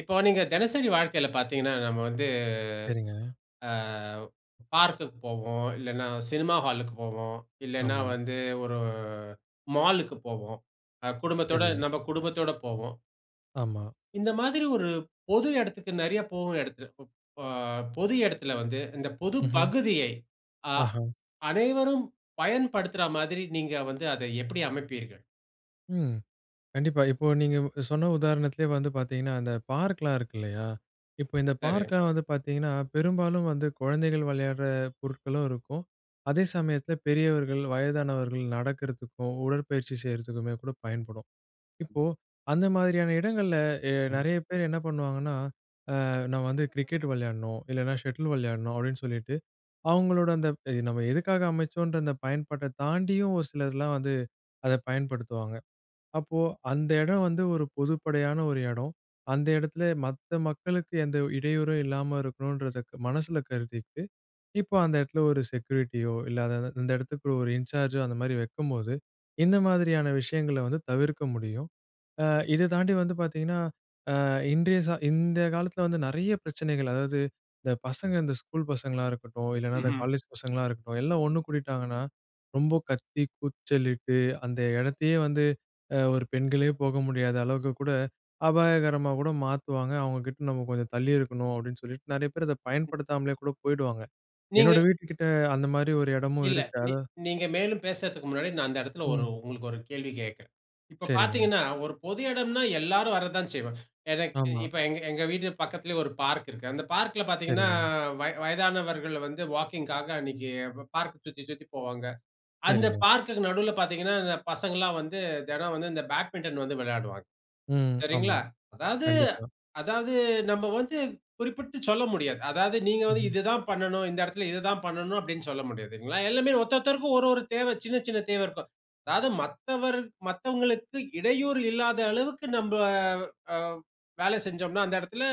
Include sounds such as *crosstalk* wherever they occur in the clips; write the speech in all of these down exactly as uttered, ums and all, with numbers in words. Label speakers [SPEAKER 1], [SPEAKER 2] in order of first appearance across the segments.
[SPEAKER 1] இப்போ நீங்க தெனசரி வாழ்க்கையில பாத்தீங்கன்னா, நம்ம வந்து,
[SPEAKER 2] சரிங்க.
[SPEAKER 1] ஆ பார்க்‌குக்கு போவோம். இல்லன்னா, சினிமா ஹாலுக்கு போவோம். இல்லன்னா
[SPEAKER 2] ஆமா.
[SPEAKER 1] வந்து, ஒரு மாலுக்கு போவோம். அ குடும்பத்தோட
[SPEAKER 2] சரி.
[SPEAKER 1] நம்ம குடும்பத்தோட போவோம்.
[SPEAKER 2] ஆமா.
[SPEAKER 1] இந்த மாதிரி ஒரு பொது இடத்துக்கு நெறைய போகும் இடத்துல ப் ஆ, பொது இடத்துல வந்து, இந்த பொது
[SPEAKER 2] ம்ஹ்ம்.
[SPEAKER 1] பகுதியை அ
[SPEAKER 2] ஆஹான்.
[SPEAKER 1] அனைவரும் பயன்படுத்துறா மாதிரி நீங்க வந்து, அதை எப்படி அமைப்பீர்கள்?
[SPEAKER 2] ம். கண்டிப்பா. இப்போ நீங்க வு சொன்ன உதாரணத்துலயே வந்து பார்த்தீங்கன்னா, அந்த பார்க்லாம் இருக்கு இல்லையா? இப்போ இந்த
[SPEAKER 1] சரி.
[SPEAKER 2] பார்க்லாம் வந்து பார்த்தீங்கன்னா, பெரும்பாலும் வந்து குழந்தைகள் விளையாடுற பொருட்களும் இருக்கும். அதே சமயத்துல பெரியவர்கள், வயதானவர்கள் நடக்கிறதுக்கும், உடற்பயிற்சி செய்றதுக்குமே கூட பயன்படும். இப்போ, அந்த மாதிரியான இடங்கள்ல, எ
[SPEAKER 1] ம்.
[SPEAKER 2] நெறைய பேர் என்ன பண்ணுவாங்கன்னா,"அ நான் வந்து கிரிக்கெட்டு விளையாடணும், இல்லனா ஷட்டில் விளையாடணும்" அப்படின்னு சொல்லிட்டு, அவங்களோட அந்த ப நம்ம எதுக்காக அமைச்சோன்ற, அந்த பயன்பாட்டை தாண்டியும், ஒரு சிலர்லாம் வந்து, அத பயன்படுத்துவாங்க. அப்போ அந்த எடம் வந்து, ஒரு பொதுப்படையான ஒரு இடோ. அந்த இடத்தில, மத்த மக்களுக்கு எந்த ஓரு இடையூறும் இல்லாம இருக்கணுன்றத, மனசுல கருதிட்டு, இப்போ அந்த இடத்துல ஒரு செக்யூரிட்டியோ, இல்ல அத அத இந்த இடத்துக்கு ஒரு இன்சார்ஜோ, அந்தமாரி வைக்கும்போது, இந்த மாதிரியான விஷயங்கள வந்து தவிர்க்க முடியும். அ இதை தாண்டி வந்து பார்த்தீங்கன்னா, அ இன்றைய சா இந்த காலத்துல வந்து, நெறைய பிரச்சனைகள் அதாவது, இந்த பசங்க இந்த ஸ்கூல் பசங்களா இருக்கட்டும், இல்லனா இந்த
[SPEAKER 1] ம்ஹ்ம்.
[SPEAKER 2] காலேஜ் பசங்களா இருக்கட்டும், எல்லாம் ஒண்ணு கூடிட்டாங்கன்னா, ரொம்ப கத்தி, கூச்சலிட்டு, அந்த எடத்தையே வந்து, அ ஒரு பெண்களே போக முடியாத அளவுக்கு கூட, அபாயகரமா கூட மாத்துவாங்க. அவங்க கிட்ட நம்ம கொஞ்சம் தள்ளியே இருக்கணும் அப்படின்னு சொல்லிட்டு, நெறைய பேர் அத
[SPEAKER 1] ம்.
[SPEAKER 2] பயன்படுத்தாமலே கூட போயிடுவாங்க.
[SPEAKER 1] நீங்க
[SPEAKER 2] என்னோட வீட்டுக்கிட்ட, அந்த மாதிரி ஒரு இடமும்
[SPEAKER 1] இல்ல.
[SPEAKER 2] இருக்கு.
[SPEAKER 1] நீ
[SPEAKER 2] அது. *unintelligible*
[SPEAKER 1] நீங்க மேலும் பேசறதுக்கு முன்னாடி, நான் அந்த இடத்தில ஒரு
[SPEAKER 2] ம்.
[SPEAKER 1] உங்களுக்கு ஒரு கேள்வி கேக்குறேன். இப்ப
[SPEAKER 2] சரிங்க.
[SPEAKER 1] பாத்தீங்கன்னா, ஒரு பொது இடன்னா, எல்லாரும் வர தான் செய்வாங்க. எனக்
[SPEAKER 2] ஆமா.
[SPEAKER 1] இப்ப எங்க எங்க வீடு பக்கத்துலயே ஒரு பார்க் இருக்கு. அந்த பார்க்குல பாத்தீங்கன்னா,
[SPEAKER 2] சரிங்க.
[SPEAKER 1] வய வயதானவர்கள் வந்து வாக்கிங்‌க்காக, அன்னக்கி ப பார்க்க சுத்தி, சுத்தி போவாங்க. அந்த
[SPEAKER 2] சரிங்க.
[SPEAKER 1] பார்குக்கு நடுவுல பாத்தீங்கன்னா, இந்த பசங்கள்லாம் வந்து, தெனம் வந்து, இந்த பேட்மிட்டன் வந்து விளையாடுவாங்க.
[SPEAKER 2] ம். ஆமா.
[SPEAKER 1] சரிங்களா. அதாவது
[SPEAKER 2] கண்டிப்பா.
[SPEAKER 1] அதாவது நம்ம வந்து குறிப்பிட்டு சொல்ல முடியாது. அதாவது, நீங்க வந்து,
[SPEAKER 2] ம்.
[SPEAKER 1] "இது தான் பண்ணனும், இந்த இடத்துல இத தான் பண்ணனும்" அப்படின்னு சொல்ல முடியாதுங்களா? எல்லாமே ஒருத்தொருத்தருக்கும், ஒரு ஒர தேவை. சின்ன சின்ன தேவை இருக்கும். அதாவது மத்தவர் மத்தவங்களுக்கு இடையூறு இல்லாத அளவுக்கு, நம்ப அ வேலை செஞ்சோம்னா அந்த இடத்தில,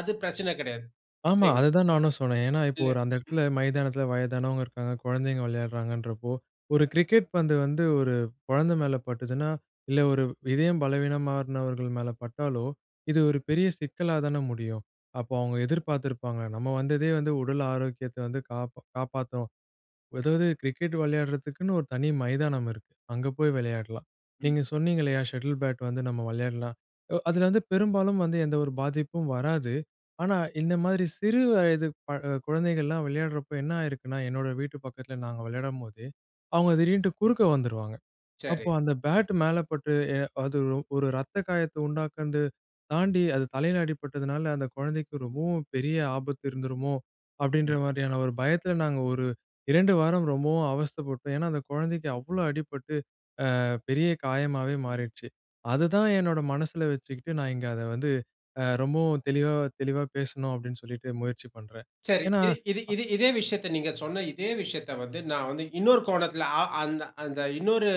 [SPEAKER 1] அது பிரச்சன கெடையாது.
[SPEAKER 2] ஆமா.
[SPEAKER 1] சரிங்களா.
[SPEAKER 2] அதுதான் நானும் சொன்னேன். ஏன்னா இப்போ
[SPEAKER 1] இல்ல.
[SPEAKER 2] ஒரு அந்த
[SPEAKER 1] ம்.
[SPEAKER 2] இடத்துல, மைதானத்துல வயதானவங்க இருக்காங்க, கொழந்தைங்க விளையாடுறாங்கன்றப்போ, ஒரு கிரிக்கெட் பந்து வந்து, ஒரு கொழந்த மேல பட்டுச்சுன்னா, இல்ல ஒரு இதயம் பலவீனமானவர்கள் மேல பட்டாலோ, இது ஒரு பெரிய சிக்கலா தானே முடியும்? அப்போ அவுங்க எதிர்பாத்திருப்பாங்க, நம்ம வந்ததே வந்து, உடல் ஆரோக்கியத்தை வந்து காப்ப காப்பாத்தணும் அதாவது கிரிக்கெட் விளையாடுறதுக்குன்னு, ஒரு தனி மைதானம் இருக்கு. அங்க போய் விளையாடலாம்.
[SPEAKER 1] ம்.
[SPEAKER 2] நீங்க சொன்னீங்க இல்லையா, "ஷட்டில் பேட் வந்து நம்ம விளையாடலாம்". ஒ அதுல வந்து பெரும்பாலும் வந்து, எந்த ஒரு பாதிப்பும் வராது. ஆனா, இந்த மாதிரி சிறு வயது ப அ குழந்தைகள்லாம் விளையாடுறப்போ, என்ன ஆயிருக்குன்னா, என்னோட வீட்டு பக்கத்துல நாங்க விளையாடும்போது, அவுங்க திடீர்னுட்டு குறுக்க வந்துருவாங்க. அப்போ
[SPEAKER 1] சரி.
[SPEAKER 2] அந்த பேட்டு மேல பட்டு, எ அது ஒ ஒரு ரத்த காயத்த உண்டாக்குன்து தாண்டி, அது தலையில அடிபட்டதுனால, "அந்த கொழந்தைக்கு ரொம்பவும் பெரிய ஆபத்து இருந்துருமோ!" அப்படின்ற
[SPEAKER 1] ம்.
[SPEAKER 2] மாதிரியான ஒரு பயத்துல, நாங்க ஒரு இரண்டு வாரம் ரொம்பவும் அவஸ்தைப்பட்டோம். ஏன்னா அந்த கொழந்தைக்கு அவ்வளோ அடிபட்டு, அ பெரிய காயமாவே மாறிடுச்சு. அதுதான் என்னோட மனசுல வச்சுக்கிட்டு, நான் இங்க அத வந்து, அ ரொம்பவும் தெளிவா தெளிவா பேசணும், அப்படின்னு சொல்லிட்டு, முயற்சி பண்றேன்.
[SPEAKER 1] சரி.
[SPEAKER 2] ஏன்னா,
[SPEAKER 1] இது இது
[SPEAKER 2] அ
[SPEAKER 1] இது இதே விஷயத்த, நீங்க சொன்ன இதே விஷயத்த வந்து, நான் வந்து இன்னொரு கோணத்துல, அ அந்த அந்த இன்னொரு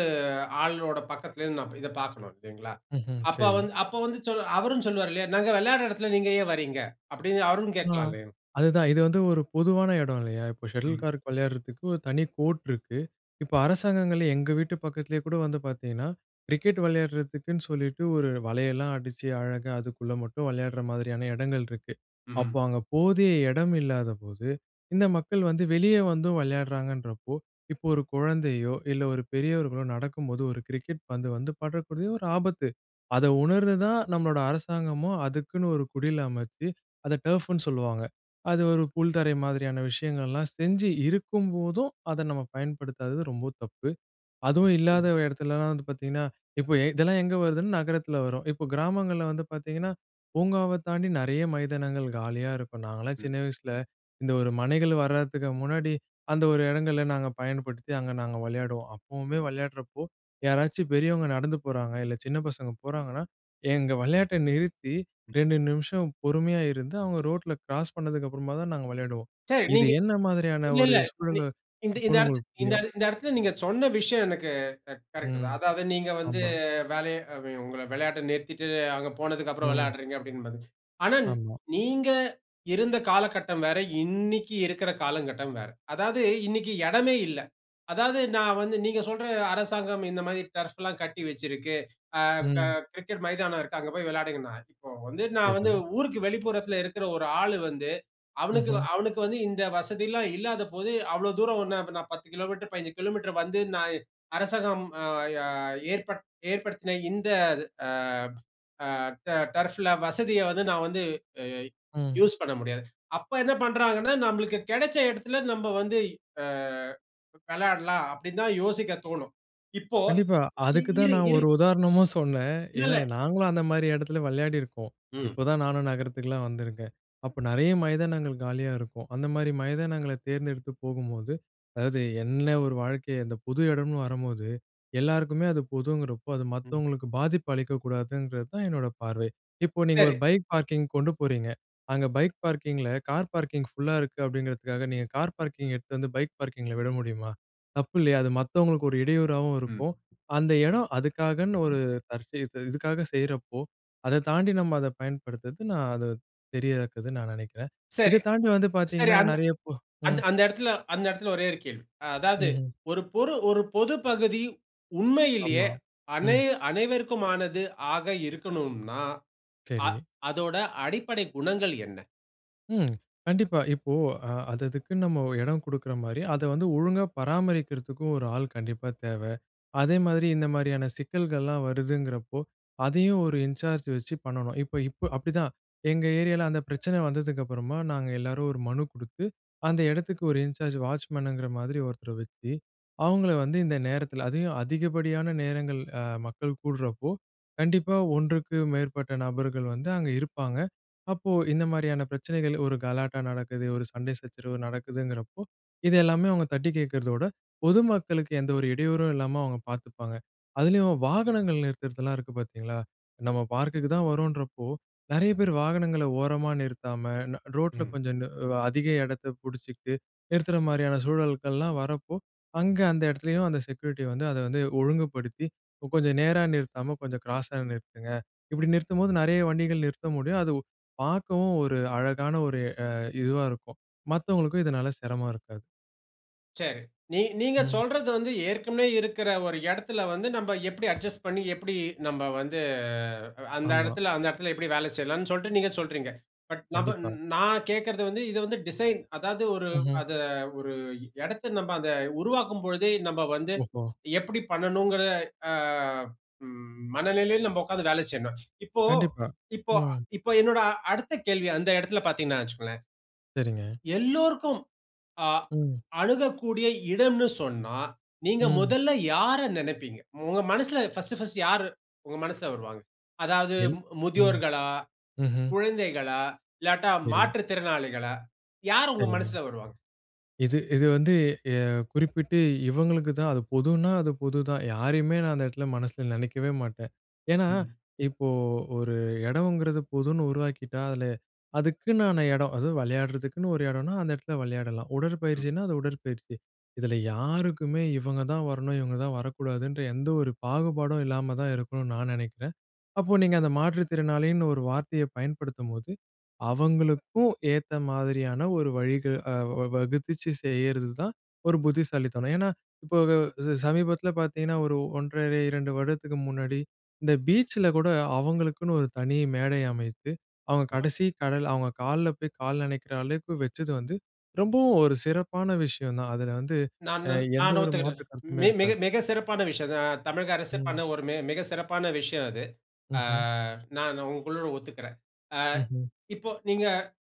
[SPEAKER 1] ஆளோட பக்கத்துல இருந்து நான் இப் இத பாக்கணும், இல்லைங்களா?
[SPEAKER 2] ம்ஹ்ம்,
[SPEAKER 1] அப்ப
[SPEAKER 2] சரி.
[SPEAKER 1] வந்து அப்ப வந்து, சொல்லு அவரும் சொல்லுவாரு இல்லையா, "நாங்க விளையாடுற இடத்தில நீங்க ஏன் வரீங்க?" அப்படின்னு, அவரும்
[SPEAKER 2] ஆ.
[SPEAKER 1] கேக்கலாம் இல்லையா?
[SPEAKER 2] அதுதான். இது வந்து ஒரு பொதுவான எடம் இல்லையா? இப்போ ஷட்டில்
[SPEAKER 1] ம்.
[SPEAKER 2] கார்க் விளையாடுறதுக்கு, ஒரு தனி கோர்ட் இருக்கு. இப்போ அரசாங்கங்களே எங்க வீட்டு பக்கத்திலயே கூட வந்து பாத்தீங்கன்னா, கிரிக்கெட் வளையாடுறதுக்குன்னு சொல்லிட்டு, ஒரு வலையெல்லாம் அடிச்சு, அழகா அதுக்குள்ள மட்டும், விளையாடுற மாதிரியான எடங்கள் இருக்கு.
[SPEAKER 1] ம்ஹ்ம்.
[SPEAKER 2] அப்போ அங்க போதிய எடம் இல்லாதபோது, இந்த மக்கள் வந்து, வெளியே வந்தும் வளையாடுறாங்கன்றப்போ, இப்போ ஒரு குழந்தையோ, இல்ல ஒரு பெரியவர்களோ நடக்கும்போது, ஒரு கிரிக்கெட் பந்து வந்து, படக்கூடிய ஒரு ஆபத்து. அத உணர்ந்து தான், நம்மளோட அரசாங்கமும் அதுக்குன்னு ஒரு குடில் அமைச்சு, அத டர்ஃப்ன்னு சொல்லுவாங்க. அது ஒரு புல்தரை மாதிரியான விஷயங்கள் எல்லாம் செஞ்சு இருக்கும்போதும், அத நம்ம பயன்படுத்தாதது ரொம்ப தப்பு. அதுவும் இல்லாத
[SPEAKER 1] ம்.
[SPEAKER 2] இடத்திலல்லாம் வந்து பார்த்தீங்கன்னா, இப்போ இதெல்லாம் எங்க வருதுன்னா, நகரத்துல வரும். இப்போ கிராமங்கள்ள வந்து பார்த்தீங்கன்னா, பூங்காவத் தாண்டி, நெறைய மைதானங்கள் காலியா இருக்கும். நாங்கலாம்
[SPEAKER 1] ம்.
[SPEAKER 2] சின்ன வயசில, இந்த ஒரு மனைகள் வரத்துக்கு முன்னாடி, அந்த ஒரு இடங்கள்ல, நாங்க பயன்படுத்தி அங்க நாங்க விளையாடுவோம். அப்பவுமே விளையாடுறப்போ, யாராச்சும் பெரியவங்க நடந்து போறாங்க, இல்ல சின்ன பசங்க போறாங்கன்னா, எங்க விளையாட்டை நிறுத்தி, ரெண்டு நிமிஷம் பொறுமையா இருந்து, அவுங்க ரோட்டுல கிராஸ் பண்ணதுக்கு அப்புறமா தான், நாங்க விளையாடுவோம்.
[SPEAKER 1] சரி,
[SPEAKER 2] இது
[SPEAKER 1] நீங்க
[SPEAKER 2] என்ன மாதிரியான
[SPEAKER 1] இல்ல,
[SPEAKER 2] ஒரு
[SPEAKER 1] இல்ல. நீ
[SPEAKER 2] சூழல்ல
[SPEAKER 1] இந்த இந்த
[SPEAKER 2] இருக்குன்னு
[SPEAKER 1] இடத்தில
[SPEAKER 2] உங்களுக்கு
[SPEAKER 1] இந்த
[SPEAKER 2] புரியும்.
[SPEAKER 1] இட இந்த இடத்தில நீங்க சொன்ன விஷயம் எனக்கு க கரெக்ட்டு
[SPEAKER 2] ம்.
[SPEAKER 1] தான். அதாவது, நீங்க வந்து
[SPEAKER 2] ஆமா.
[SPEAKER 1] வேலைய அ வெ உங்கள விளையாட்டை நிறுத்திட்டு, அவங்க போனதுக்குப்புறம்
[SPEAKER 2] ம்.
[SPEAKER 1] விளைடுறீங்க அப்படின்னு. *unintelligible* ஆனா,
[SPEAKER 2] ஆமா.
[SPEAKER 1] நீங்க இருந்த காலகட்டம் வேற, இன்னைக்கி இருக்குற காலங்கட்டம் வேற. அதாவது இன்னைக்கி இடமே இல்லை. அதாவது, நான் வந்து நீங்க சொல்ற அரசாங்கம் இந்த மாதிரி டர்ஃப்ல்லாம் கட்டி வச்சிருக்கு. ஆ க
[SPEAKER 2] ம்.
[SPEAKER 1] கிரிக்கெட் மைதானம் இருக்கு, அங்க போயி விளையாடுங்கன்னா இப்ப வந்து, நான் வந்து,
[SPEAKER 2] சரி.
[SPEAKER 1] ஊருக்கு வெளிப்புறத்தில இருக்குற ஒரு ஆளு வந்து, அவனுக்கு வ
[SPEAKER 2] ம்ஹ்ம்.
[SPEAKER 1] அவனுக்கு வந்து இந்த வசதில்லாம் இல்லாத போது, அவ்வுளோ தூரம் ஓண்ணு அப்ப நான் பத்து கிலோமீட்டரு, பதினஞ்சு கிலோமீட்டரு வந்து, நான் இ அரசாங்கம் அ, யா ஏற்பட் ஏற்படுத்தின இந்த அது அ, அ ட டர்ஃப்ல வசதிய வந்து, நான் வந்து, இ
[SPEAKER 2] ம்.
[SPEAKER 1] யூஸ் பண்ண முடியாது. அப்ப என்ன பண்றாங்கன்னா, "நம்பளுக்கு கிடைச்ச இடத்துல, நம்ப வந்து அ விளாடலாம்" அப்படின்னு தான் யோசிக்க தோணும். இப்போ
[SPEAKER 2] கண்டிப்பா.
[SPEAKER 1] இ
[SPEAKER 2] அதுக்கு தான்
[SPEAKER 1] இரு,
[SPEAKER 2] நான்
[SPEAKER 1] இரு
[SPEAKER 2] ஒரு உதாரணமும் சொன்னேன். ஏன்னா
[SPEAKER 1] இல்லல்ல.
[SPEAKER 2] நாங்களும் அந்த மாதிரி இடத்துல விளையாடியிருக்கோம்.
[SPEAKER 1] ம்.
[SPEAKER 2] இப்போதான் நானும் நகரத்துக்குலாம் வந்துருக்கேன். அப்போ நெறைய மைதானங்கள் காலியா இருக்கும். அந்த மாரி மைதானங்கள தேர்ந்தெடுத்து போகும்போது, அதாவது என்ன ஒரு வாழ்க்கை, அந்த பொது இடம்னு வரம்போது, எல்லாருக்குமே அது பொதுங்கிறப்போ, அது
[SPEAKER 1] ம்.
[SPEAKER 2] மத்தவங்களுக்கு பாதிப்பு அளிக்கக்கூடாதுங்கிறது தான், என்னோட பார்வை. இப்போ நீங்க
[SPEAKER 1] சரி.
[SPEAKER 2] ஒரு பைக் பார்க்கிங் கொண்டு போறீங்க, அங்க பைக் பார்க்கிங்கில, கார் பார்க்கிங் ஃபுல்லா இருக்கு அப்படிங்கிறதுக்காக, நீங்க கார் பார்க்கிங்க எடுத்துட்டு வந்து, பைக் பார்க்கிங்ல விட முடியுமா? தப்பு இல்லையா? அது மத்தவங்களுக்கு ஒரு இடையூறாவும்
[SPEAKER 1] ம்.
[SPEAKER 2] இருக்கும். அந்த இடம் அதுக்காகன்னு ஒரு *unintelligible* இதுக்காக செய்றப்போ, அத தாண்டி நம்ம அத பயன்படுத்துறது, நான் அத சரியா இருக்காதுன்னு நான் நெனைக்கிறேன்.
[SPEAKER 1] சரி.
[SPEAKER 2] இதை தாண்டி வந்து
[SPEAKER 1] சரி,
[SPEAKER 2] பார்த்தீங்கன்னா,
[SPEAKER 1] அந்த
[SPEAKER 2] நெறைய போ
[SPEAKER 1] அந்த
[SPEAKER 2] ம்.
[SPEAKER 1] அந்த இடத்துல அந்த இடத்துல, ஒரே ஒரு கேள்வி. அ அதாவது
[SPEAKER 2] ம்ஹ்ம்.
[SPEAKER 1] ஒரு பொரு ஒரு பொது பகுதி, உண்மையில்யே
[SPEAKER 2] ஆமா.
[SPEAKER 1] அனை
[SPEAKER 2] ம்.
[SPEAKER 1] அனைவருக்குமானது ஆக இருக்கனும்னா, அ
[SPEAKER 2] சரி.
[SPEAKER 1] அதோட அடிப்படை குணங்கள் என்ன?
[SPEAKER 2] ம். கண்டிப்பா இப்போ அ அது அதுக்குன்னு நம்ம எடம் கொடுக்குற மாரி, அத வந்து ஒழுங்கா பராமரிக்கிறதுக்கு ஒரு ஆள் கண்டிப்பா தேவ. அதேமாரி, இந்த மாரியான சிக்கல்கள்லாம் வருதுங்கிறப்போ அதையும் ஒரு இன்சார்ஜ் வச்சு பண்ணணும். இப்போ இப்போ அப்டிதான் எங்க ஏரியால, அந்த பிரச்சனை வந்ததுக்கு அப்புறமா நாங்க எல்லோரும் ஒரு மனு குடுத்து அந்த எடத்துக்கு ஒரு இன்சார்ஜ் வாட்ச்மனுங்கிற மாதிரி ஒருத்தர வச்சு, அவங்கள வந்து இந்த நேரத்துல அதையும் அதிகப்படியான நேரங்கள், அ மக்கள் கூடுறப்போ, கண்டிப்பா ஒன்றுக்கு மேற்பட்ட நபர்கள் வந்து அங்க இருப்பாங்க. அப்போ இந்த மாரியான பிரச்சனைகள் ஒரு கலாட்டா நடக்குது. ஒரு சண்டை சச்சரவு நடக்குதுங்கிறப்போ, இது எல்லாமே அவங்க தட்டி கேக்றதோட, பொதுமக்களுக்கு எந்த ஒரு இடையூறும் இல்லாம அவங்க பார்த்துப்பாங்க. அதிலயும் வாகனங்கள் நிறுத்துறதெல்லாம் இருக்கு பார்த்தீங்களா? நம்ம பார்க்குக்கு தான் வரோம்ன்றப்போ. நெறைய பேரு வாகனங்கள ஓரமா நிறுத்தாம ந ரோட்டுல
[SPEAKER 1] ம்.
[SPEAKER 2] கொஞ்சம் நு அதிக எடத்தை புடிச்சிகிட்டு நிறுத்துற மாதிரியான சூழல்கள்லாம் வர்றப்போ, அங்க அந்த இடத்துலேயும் அந்த செக்யூரிட்டி வந்து, அதை வந்து ஒழுங்குபடுத்தி கொஞ்சம் நேரா நிறுத்தாம கொஞ்சம் கிராஸா நிறுத்துங்க. இப்படி நிறுத்தும்போது நெறைய வண்டிகள் நிறுத்த முடியும். அது பார்க்கவும் ஒரு அழகான ஒரு அ இதுவா இருக்கும். மத்தவங்களுக்கும் இதனால சிரமம் இருக்காது.
[SPEAKER 1] சரி. நீங் நீங்க
[SPEAKER 2] ம்.
[SPEAKER 1] சொல்றது வந்து ஏற்கனவே இருக்கிற ஒரு இடத்தில வந்து, நம்ப எப்பிடி அட்ஜஸ்ட் பண்ணி, எப்பிடி நம்ப வந்து அந்த
[SPEAKER 2] ஆமா.
[SPEAKER 1] இடத்தில அந்த இடத்தில எப்பிடி வேலை செய்யலாம்ன்னு சொல்லிட்டு நீங்க சொல்றீங்க. பட் நாப
[SPEAKER 2] கண்டிப்பா.
[SPEAKER 1] நான் கேக்குறது வந்து, இது வந்து டிசைன். அதாவது ஒரு
[SPEAKER 2] ம்ஹ்ம்.
[SPEAKER 1] அதை ஒரு இடத்தை நம்ம அதை உருவாக்கும் பொழுதே, நம்ப வந்து
[SPEAKER 2] ஓஹோ.
[SPEAKER 1] எப்படி பண்ணணும்கிற அ ம் மனநிலையில நம்ப உட்கார்ந்து வேலை செய்யணும். இப்போ
[SPEAKER 2] கண்டிப்பா.
[SPEAKER 1] இப்போ
[SPEAKER 2] ம்.
[SPEAKER 1] இப்போ என்னோட அ அடுத்த கேள்வி, அந்த இடத்தில பார்த்தீங்கன்னா வச்சுக்கோங்களேன்,
[SPEAKER 2] சரிங்க.
[SPEAKER 1] எல்லோருக்கும் அ
[SPEAKER 2] ம்.
[SPEAKER 1] அணுகக்கூடிய இடம்ன்னு சொன்னா, நீங்க
[SPEAKER 2] ம்.
[SPEAKER 1] முதல்ல யார நினைப்பீங்க? உங்க மனசுல பர்ஸ்ட் பர்ஸ்ட் யாரு உங்க மனசுல வருவாங்க? அதாவது
[SPEAKER 2] என் ம்.
[SPEAKER 1] முதியோர்களா?
[SPEAKER 2] ம்ஹ்ம்.
[SPEAKER 1] குழந்தைகளா? இல்லாட்டா,
[SPEAKER 2] சரி.
[SPEAKER 1] மாற்றுத்திறனாளிகளா? யார் உங்க
[SPEAKER 2] சரிங்க.
[SPEAKER 1] மனசுல வருவாங்க?
[SPEAKER 2] இது இது வந்து ய குறிப்பிட்டு இவங்களுக்கு தான். அது பொதுன்னா, அது பொதுதான் யாரையுமே நான் அந்த இடத்துல மனசுல நினைக்கவே மாட்டேன். ஏன்னா,
[SPEAKER 1] ம்.
[SPEAKER 2] இப்போ ஒரு இடம்ங்கிறது பொதுன்னு உருவாக்கிட்டா, அதில அதுக்குன்னான இடம். அது விளையாடுறதுக்குன்னு ஒரு இடம்னா, அந்த இடத்துல விளையாடலாம்.
[SPEAKER 1] ம்.
[SPEAKER 2] உடற்பயிற்சின்னா, அது உடற்பயிற்சி. இதில யாருக்குமே இவங்க தான் வரணும், இவங்க தான் வரக்கூடாதுன்ற எந்த ஒரு பாகுபாடும் இல்லாம தான் இருக்கணும்னு நான் நினைக்கிறேன். அப்போ நீங்க அந்த மாற்றுத்திறனாளின்னு ஒரு வார்த்தையை பயன்படுத்தும்போது, அவங்களுக்கும் ஏத்த மாதிரியான ஒரு வழிகள் அ வ வகுத்துச்சு செய்யறதுதான் ஒரு புத்திசாலித்தனம். ஏன்னா இப்போ, அ சமீபத்தில பார்த்தீங்கன்னா, ஒரு ஒன்றரை, இரண்டு வருடத்துக்கு முன்னாடி, இந்த பீச்சில கூட அவங்களுக்குன்னு ஒரு தனி மேடை அமைத்து, அவங்க
[SPEAKER 1] ஆ.
[SPEAKER 2] கடைசி கடல் அவங்க காலில் போய் கால் நனைக்கிற அளவுக்கு வச்சது வந்து, ரொம்பவும் ஒரு சிறப்பான விஷயம் தான். அதில வந்து
[SPEAKER 1] நான் நன் நான்
[SPEAKER 2] எந்த
[SPEAKER 1] அத
[SPEAKER 2] ஒரு
[SPEAKER 1] ஒத்துக்குறேன்.
[SPEAKER 2] மாற்று கருத்துமே
[SPEAKER 1] மி மிக
[SPEAKER 2] இருக்காது.
[SPEAKER 1] மிக சிறப்பான விஷயம் ந தமிழக அரசு பண்ண
[SPEAKER 2] ம்.
[SPEAKER 1] ஒரு மிக மிக சிறப்பான விஷயம் அது. அ
[SPEAKER 2] ம்ஹ்ம்.
[SPEAKER 1] நான் உங்களோடு ஒத்துக்குறேன். ஆ
[SPEAKER 2] ம்ஹ்ம்.
[SPEAKER 1] இப்போ நீங்க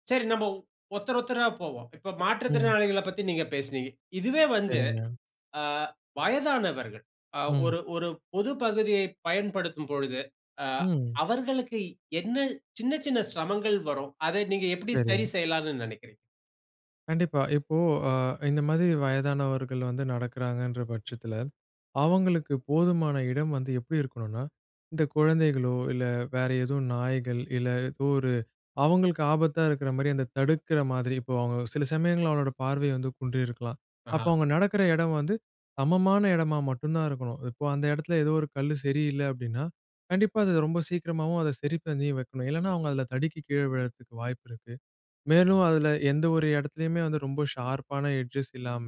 [SPEAKER 1] சரி, நம்ப ஒருத்தர் ஒருத்தரா போவோம். இப்ப
[SPEAKER 2] ம்.
[SPEAKER 1] மாற்றுத்திறனாளிகளைப் பத்தி நீங்க பேசினீங்க. இதுவே வந்து
[SPEAKER 2] சரிங்க.
[SPEAKER 1] ஆ வயதானவர்கள், அ
[SPEAKER 2] ம்.
[SPEAKER 1] ஒரு ஒரு பொது பகுதியை பயன்படுத்தும் பொழுது, அ
[SPEAKER 2] ம்.
[SPEAKER 1] அவர்களுக்கு என்ன சின்ன சின்ன சிரமங்கள் வரும்? அதை நீங்க எப்பிடி
[SPEAKER 2] சரி.
[SPEAKER 1] சரி செய்யலாம்ன்னு நினைக்கிறீங்க?
[SPEAKER 2] கண்டிப்பா. இப்போ அ இந்த மாதிரி வயதானவர்கள் வந்து நடக்கிறாங்கன்ற பட்சத்தில, அவுங்களுக்கு போதுமான இடம் வந்து எப்பிடி இருக்கணுனா, இந்த குழந்தைகளோ! இல்ல வேற ஏதோ நாய்கள், இல்ல ஏதோ ஒரு அவுங்களுக்கு ஆபத்தா இருக்கிறமாரியா, அந்த தடுக்கிற மாதிரி. இப்போ அவுங்க சில சமயங்கள்ல அவளோட பார்வை வந்து குன்றியிருக்கலாம்.
[SPEAKER 1] ஆஹா!
[SPEAKER 2] அப்போ, அவுங்க நடக்கிற இடம் வந்து சமமான இடமா மட்டுந்தான் இருக்கணும். இப்போ அந்த இடத்தில ஏதோ ஒரு கல்லு சரி இல்ல அப்பிடின்னா, கண்டிப்பா அது ரொம்ப சீக்கிரமாவும், அத சரி பண்ணி வைக்கணும். இல்லன்னா அவுங்க அதில தடுக்கி கீழ விழறதுக்கு வாய்ப்பு இருக்கு. மேலும் அதில எந்த ஒரு இடத்துலயுமே வந்து ரொம்ப ஷார்ப்பான எட்ஜஸ் இல்லாம,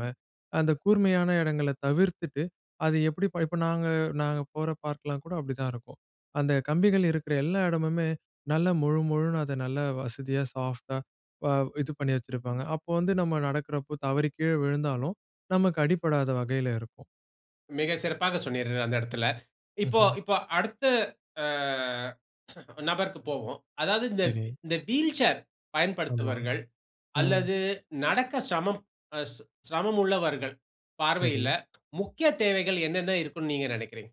[SPEAKER 2] அந்த கூர்மையான இடங்கள தவிர்த்துட்டு, அது எப்பிடி இப்ப நாங்க நாங்க போற பார்க்லாம் கூட அப்பிடிதான் இருக்கும். அந்த கம்பிகள் இருக்கிற எல்லா இடமுமே, நல்ல மொழு மொழுன்னு அத நல்ல வசதியா சாஃப்ட்டா, அ இது பண்ணி வச்சிருப்பாங்க. அப்போ வந்து நம்ம நடக்கிறப்போ தவறி கீழே விழுந்தாலும், நமக்கு அடிபடாத வகையில இருக்கும்.
[SPEAKER 1] மிக சிறப்பா சொன்னீர்கள் அந்த இடத்தில. இப்ப
[SPEAKER 2] ம்ஹ்ம்.
[SPEAKER 1] இப்ப அடுத்து ஆ நபருக்கு போவோம். அதாவது இந்த
[SPEAKER 2] சரி.
[SPEAKER 1] இந்த வீல் சேர்
[SPEAKER 2] ஆமா.
[SPEAKER 1] பயன்படுத்துவர்கள்
[SPEAKER 2] ம்.
[SPEAKER 1] அல்லது நடக்க சிரமம் அ சிரமம் உள்ளவர்கள் பார்வையில,
[SPEAKER 2] சரி.
[SPEAKER 1] முக்கிய தேவைகள் என்னென்ன இருக்குன்னு நீங்க நினைக்கிறீங்க?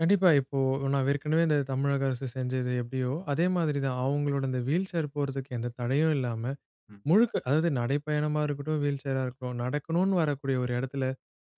[SPEAKER 2] கண்டிப்பா, இப்போ நான் ஏற்கனவே இந்த தமிழக அரசு செஞ்சது எப்படியோ, அதே மாரி தான் அவங்களோட இந்த வீல்சேர் போறதுக்கு எந்த தடையும் இல்லாம,
[SPEAKER 1] ம்.
[SPEAKER 2] முழுக்க அதாவது நடைப்பயணமா இருக்கட்டும், வீல்சரா இருக்கட்டும், நடக்கணுனு வரக்கூடிய ஒரு இடத்துல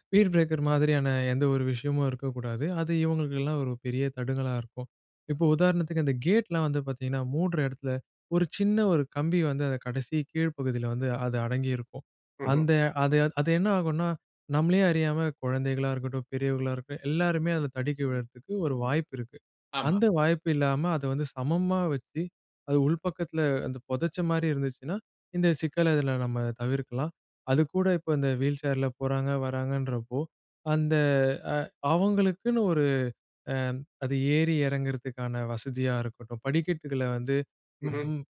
[SPEAKER 2] ஸ்பீட் பிரேக்கர் மாதிரியான எந்த ஒரு விஷயமும் இருக்கக்கூடாது. அது இவங்களுக்கெல்லாம் ஒரு பெரிய தடுங்களா இருக்கும். இப்போ உதாரணத்துக்கு அந்த கேட்லாம் வந்து பாத்தீங்கன்னா, மூடுற இடத்துல ஒரு சின்ன, ஒரு கம்பி வந்து அத கடைசி கீழ்ப் பகுதியில வந்து அது அடங்கியிருக்கும்.
[SPEAKER 1] ம்ஹ்ம்.
[SPEAKER 2] அந்த அது அது என்ன ஆகும்னா, நம்பளயே அறியாம குழந்தைகளா இருக்கட்டும், பெரியவங்களா இருக்கட்டும் எல்லோருமே அத தடுக்கி விடறதுக்கு ஒரு வாய்ப்பு இருக்கு.
[SPEAKER 1] ஆமா.
[SPEAKER 2] அந்த வாய்ப்பு இல்லாம அத வந்து சமமா வச்சு, அது உள்பக்கத்துல அந்த புதைச்ச மாதிரி இருந்துச்சுன்னா, இந்த சிக்கல்ல இதுல நம்ம தவிர்க்கலாம். அது கூட இப்ப இந்த வீல்சேர்ல போறாங்க, வராங்கன்றப்போ, அந்த அ அவங்களுக்குன்னு ஒரு அ அது ஏறி இறங்குறதுக்கான வசதியா இருக்கட்டும், படிக்கட்டுகள்ல வந்து ம்
[SPEAKER 1] ம்ஹ்ம்
[SPEAKER 2] ம்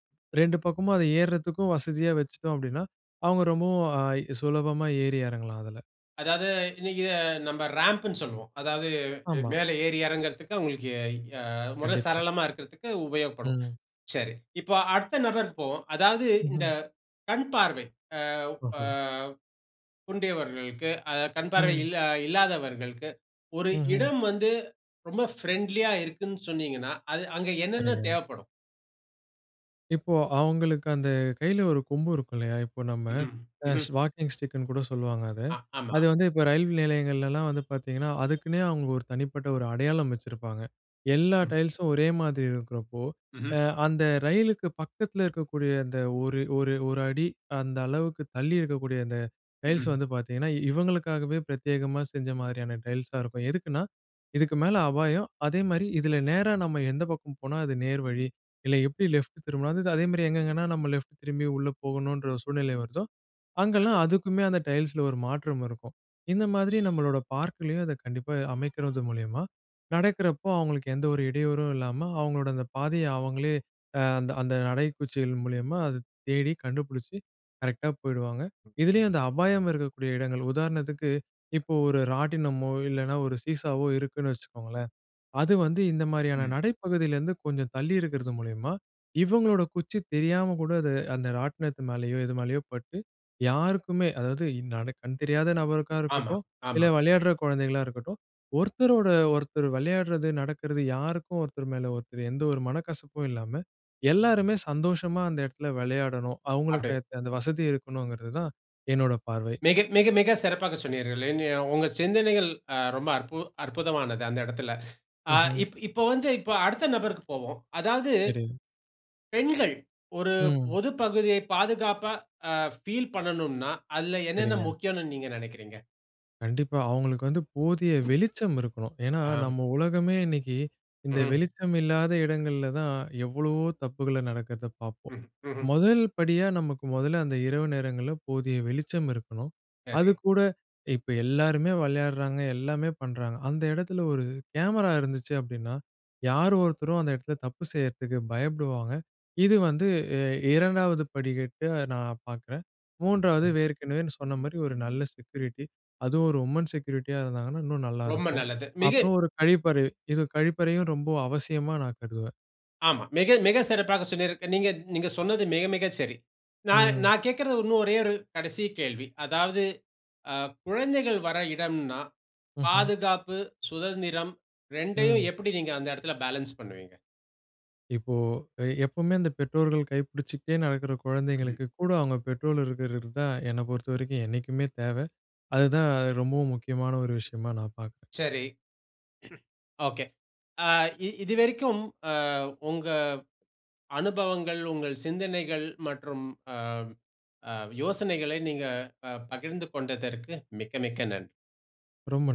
[SPEAKER 2] ரெண்டு பக்கமும் அத ஏறுறதுக்கும் வசதியா வச்சுட்டோம் அப்படின்னா, அவங்க ரொம்பவும் அ சுலபமா ஏறி இறங்கலாம் அதுல.
[SPEAKER 1] அதாவது இன்னைக்கு நம்ப ராம்புனு சொல்லுவோம். அதாவது
[SPEAKER 2] ஆமா.
[SPEAKER 1] மேல ஏறி, இறங்குறதுக்கு அவங்களுக்கு அ முற
[SPEAKER 2] கண்டிப்பா.
[SPEAKER 1] சரளமா இருக்குறதுக்கு உபயோகப்படும்.
[SPEAKER 2] ம்.
[SPEAKER 1] சரி இப்போ அடுத்த நபருக்கு போவோம், அதாவது இந்த
[SPEAKER 2] ம்ஹ்ம்
[SPEAKER 1] கண் பார்வை அ அ
[SPEAKER 2] ஓஹோ.
[SPEAKER 1] குன்றியவர்களுக்கு, அதாவது கண் பார்வை அ
[SPEAKER 2] ம்.
[SPEAKER 1] இல் இல்லாதவர்களுக்கு ஒரு
[SPEAKER 2] ம்ஹ்ம்.
[SPEAKER 1] இடம் வந்து ரொம்ப ஃப்ரெண்ட்லியா இருக்குன்னு சொன்னீங்கன்னா, அது அங்க என்னென்ன
[SPEAKER 2] சரிங்க.
[SPEAKER 1] தேவைப்படும்?
[SPEAKER 2] இப்போ அவங்களுக்கு அந்த கையில ஒரு கொம்பு இருக்கும் இல்லையா? இப்போ நம்ம
[SPEAKER 1] ம்ஹ்ம், ம்ஹ்ம்.
[SPEAKER 2] ஸ் வாக்கிங் ஸ்டிக்குன்னு கூட சொல்லுவாங்க அத.
[SPEAKER 1] அ, ஆமா.
[SPEAKER 2] அது வந்து இப்போ ரயில் நிலையங்கள்லலாம் வந்து பார்த்திங்கன்னா, அதுக்குன்னே அவங்க ஒரு தனிப்பட்ட ஒரு அடையாளம் வச்சிருப்பாங்க. எல்லா
[SPEAKER 1] ம்.
[SPEAKER 2] டைல்ஸும் ஒரே மாதிரி இருக்கிறப்போ,
[SPEAKER 1] ம்ஹ்ம்.
[SPEAKER 2] அ அந்த ரயிலுக்கு பக்கத்ல இருக்கக்கூடிய அந்த ஒரு ஒரு ஒரு அடி அந்த அளவுக்கு தள்ளி இருக்கக்கூடிய அந்த டைல்ஸ்
[SPEAKER 1] ம்ஹ்ம்.
[SPEAKER 2] வந்து பார்த்திங்கன்னா, இவங்களுக்காகவே பிரத்யேகமா செஞ்ச மாதிரியான டைல்ஸாக இருக்கும். எதுக்குன்னா இதுக்கு மேல அபாயம் அதே மாதிரி இதுல நேரா நாம எந்த பக்கம் போனா அது நேர் வழி இல்ல எப்டி லெஃப்ட் திரும்புனா அதே மாதிரி எங்கெங்கேன்னா நாம லெஃப்ட் திரும்பி உள்ளே போகணுன்ற சூழ்நிலை வருதோ
[SPEAKER 1] சரி.
[SPEAKER 2] அங்கெல்லாம் அதுக்குமே அந்த டைல்ஸ்‌ல ஒரு மாற்றம் இருக்கும். இந்த மாதிரி நம்முளுடைய பார்க்‌லயும் அதை கண்டிப்பா அமைக்கிறது மூலியமா, நடக்கிறப்போ அவங்களுக்கு எந்த ஒரு இடையூறும் இல்லாம அங்ககளுடைய அந்த பாதைய அவுங்களே, அ அந்த அந்த நடைக்குச்சிகள் மூலியமா அத தேடி கண்டுபிடிச்சு கரெக்ட்‌டா போய்டுவாங்க. இதிலயும் அந்த அபாயம் இருக்கக்கூடிய எடங்கள் உதாரணத்திற்கு இப்போ ஒரு ராட்டினமோ இல்லன்னா ஒரு சீசாவோ இருக்குன்னு வச்சுக்கோங்களேன். அது வந்து இந்த மாரியான
[SPEAKER 1] ம்.
[SPEAKER 2] நடைப்பகுதியில இருந்து கொஞ்சம் தள்ளி இருக்கிறது மூலியமா இவங்களோட குச்சி தெரியாம கூட அது அந்த ராட்டினத்து மேலேயோ எது மேலயோ பட்டு யாருக்குமே, அதாவது கண் தெரியாத நபருக்கா
[SPEAKER 1] ஆமா,
[SPEAKER 2] இருக்கட்டும்
[SPEAKER 1] ஆமா.
[SPEAKER 2] இல்ல விளையாடுற கொழந்தைகளா இருக்கட்டும் ஒருத்தரோட ஒருத்தர் விளையாட்றது நடக்றது யாருக்கும் ஒருத்தர் மேல ஒருத்தர் எந்த ஒரு மனக்கசப்பும் இல்லாம எல்லாருமே சந்தோஷமா அந்த எடத்ல வெளையாடணும்.
[SPEAKER 1] அப்படி.
[SPEAKER 2] அவங்களுக்கு அந்த வசதி இருக்கணுங்கிறது தான். என்னோட பார்வை.
[SPEAKER 1] மிக மிக மிக சிறப்பாக சொன்னீர்கள். இன்ய உங்கள் அ சிந்தனைகள், அ ரொம்ப அற்பு அற்புதமானது. அந்த எடத்ல. ஆ
[SPEAKER 2] ம்ஹ்ம்.
[SPEAKER 1] இப் இப்போ வந்து இப்ப அடுத்த நபருக்கு போவோம். அதாவது
[SPEAKER 2] சரி.
[SPEAKER 1] பெண்கள் ஒரு
[SPEAKER 2] ம்.
[SPEAKER 1] பொது பகுதியை பாதுகாப்பா, அ ஃபீல் பண்ணனுன்னா, அதுல என்னன்ன
[SPEAKER 2] சரிங்க.
[SPEAKER 1] முக்கியம்ன்னு நீங்க நெனைக்கிறீங்க.
[SPEAKER 2] கண்டிப்பா. அவங்களுக்கு வந்து போதிய வெளிச்சம் இருக்கணும். ஏன்னா,
[SPEAKER 1] ஆம்.
[SPEAKER 2] நம்ப உலகமே இன்னைக்கு இந்த
[SPEAKER 1] ம்ஹ்ம்.
[SPEAKER 2] வெளிச்சம் இல்லாத இடங்கள்ல தான் எவ்வளவோ தப்புகள நடக்குறத பார்ப்போம்.
[SPEAKER 1] ம். ம்ஹ்ம்.
[SPEAKER 2] முதல் படியா நமக்கு முதல்ல அந்த இரவு நேரங்கள்ல போதிய வெளிச்சம் இருக்கணும்.
[SPEAKER 1] சரி.
[SPEAKER 2] அதுக்கூட இப்போ எல்லாருமே விளையாடுறாங்க, எல்லாமே பண்ணுறாங்க அந்த இடத்துல ஒரு கேமரா இருந்துச்சு அப்படின்னா, யார் ஒருத்தரும் அந்த இடத்துல தப்பு செய்யுறதுக்கு பயப்படுவாங்க. இது வந்து அ இரண்டாவது படிகட்டு நான் பார்க்குறேன். மூன்றாவது
[SPEAKER 1] அ.
[SPEAKER 2] ஏற்கெனவே சொன்ன மாரி ஒரு நல்ல செக்யூரிட்டி. அதுவும் ஒரு உமன் செக்யூரிட்டியா இருந்தாங்கன்னா, இன்னும்
[SPEAKER 1] ரொம்ப
[SPEAKER 2] நல்லாயிருக்கும்.
[SPEAKER 1] நல்லது. மிகு
[SPEAKER 2] அப்புறம் ஒரு கழிப்பறை, இது கழிப்பறையும் ரொம்ப அவசியமா நான் கருதுவேன்.
[SPEAKER 1] ஆமாம். மிக, மிக சிறப்பாக சொன்னீர்ங்க. நீங்க நீங்க சொன்னது மிக, மிக சரி. நான்
[SPEAKER 2] ம்.
[SPEAKER 1] நான் கேக்கறது இன்னும் ஒரே ஒரு கடைசி கேள்வி. அதாவது, அ குழந்தைகள் வர இடம்னா
[SPEAKER 2] ம்ஹ்ம்.
[SPEAKER 1] பாதுகாப்பு, சுதந்திரம் ரெண்டையும்
[SPEAKER 2] ம்.
[SPEAKER 1] எப்படி நீங்க அந்த இடத்துல பேலன்ஸ் பண்ணுவீங்க.
[SPEAKER 2] இப்போ அ எப்பவுமே அந்த பெற்றோர்கள் கைப்பிடிச்சுட்டே நடக்குற
[SPEAKER 1] ம்ஹ்ம்.
[SPEAKER 2] குழந்தைங்களுக்கு கூட அவங்க பெற்றோர் இருக்குறது தான், என்னை பொறுத்தவரைக்கும் என்னைக்குமே தேவை. அது தான் ரொம்பவும் முக்கியமான ஒரு விஷயமா நான் பார்க்குறேன்.
[SPEAKER 1] சரி, *clears throat* ஒகே! அ இ இதுவரைக்கும் அ உங்க அனுபவங்கள், உங்கள் சிந்தனைகள் மற்றும் அ அ யோசனைகளை நீங்கள் அ பகிர்ந்து கொண்டதற்கு மிக்க மிக்க நன்றி.
[SPEAKER 2] ரொம்ப ந